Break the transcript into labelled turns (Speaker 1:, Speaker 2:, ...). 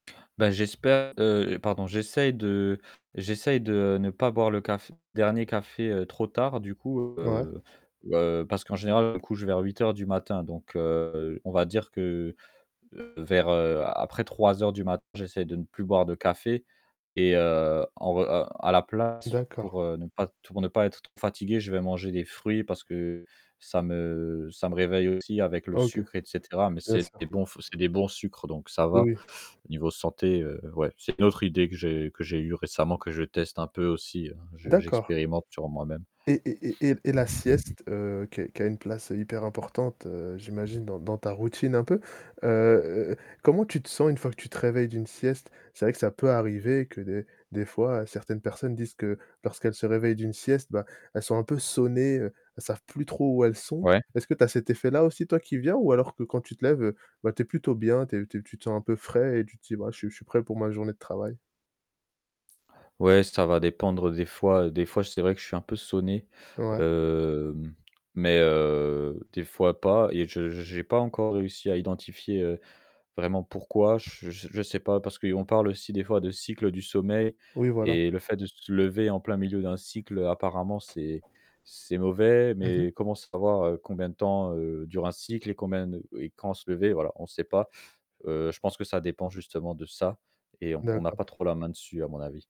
Speaker 1: Bah, j'espère, heu, pardon, j'essaie de j'essaie de ne pas boire le café dernier café trop tard, du coup,
Speaker 2: Ouais.
Speaker 1: heu heu, parce qu'en général, je me couche vers 08:00 du matin, donc heu, on va dire que vers heu, après 03:00 du matin, j'essaie de ne plus boire de café et heu, en re heu, à la place,
Speaker 2: D'accord.
Speaker 1: pour, heu, ne pas t pour ne pas être trop fatigué, je vais manger des fruits parce que ça me ça me réveille aussi avec le
Speaker 2: OK.
Speaker 1: sucre et cetera mais
Speaker 2: Bien
Speaker 1: c'est des
Speaker 2: sûr.
Speaker 1: bons c'est des bons sucres, donc ça
Speaker 2: Oui,
Speaker 1: va
Speaker 2: oui.
Speaker 1: au niveau santé, heu, ouais, c'est une autre idée que j'ai que j'ai eu récemment, que je teste un peu aussi, je
Speaker 2: D'accord.
Speaker 1: j'expérimente sur moi-même.
Speaker 2: Et et et et et la sieste, heu, qui a qui a une place hyper importante, heu, j'imagine dans dans ta routine un peu. Heu, comment tu te sens une fois que tu te réveilles d'une sieste? C'est vrai que ça peut arriver que des des fois, certaines personnes disent que lorsqu'elles se réveillent d'une sieste, bah, elles sont un peu sonnées, heu, elles savent plus trop où elles sont.
Speaker 1: Ouais.
Speaker 2: Est-ce que tu as cet effet-là aussi, toi, qui viens ou alors que quand tu te lèves, heu, bah, tu es plutôt bien, tu es tu es tu te sens un peu frais et tu te dis: «Bah, je suis je suis prêt pour ma journée de travail»?
Speaker 1: Ouais, ça va dépendre des fois. Des fois, c'est vrai que je suis un peu sonné,
Speaker 2: Ouais.
Speaker 1: hem, mais heu, des fois pas et je j'ai pas encore réussi à identifier, heu, vraiment pourquoi, j je je sais pas parce qu'on parle aussi des fois de cycle du sommeil
Speaker 2: Oui, voilà.
Speaker 1: et le fait de se lever en plein milieu d'un cycle, heu, apparemment c'est c'est mauvais
Speaker 2: Mmh mh.
Speaker 1: mais comment savoir combien de temps dure un cycle et combien de et quand se lever, voilà, on sait pas, heu, je pense que ça dépend justement de ça et on n'a pas
Speaker 2: D'accord.
Speaker 1: trop la main dessus à mon avis.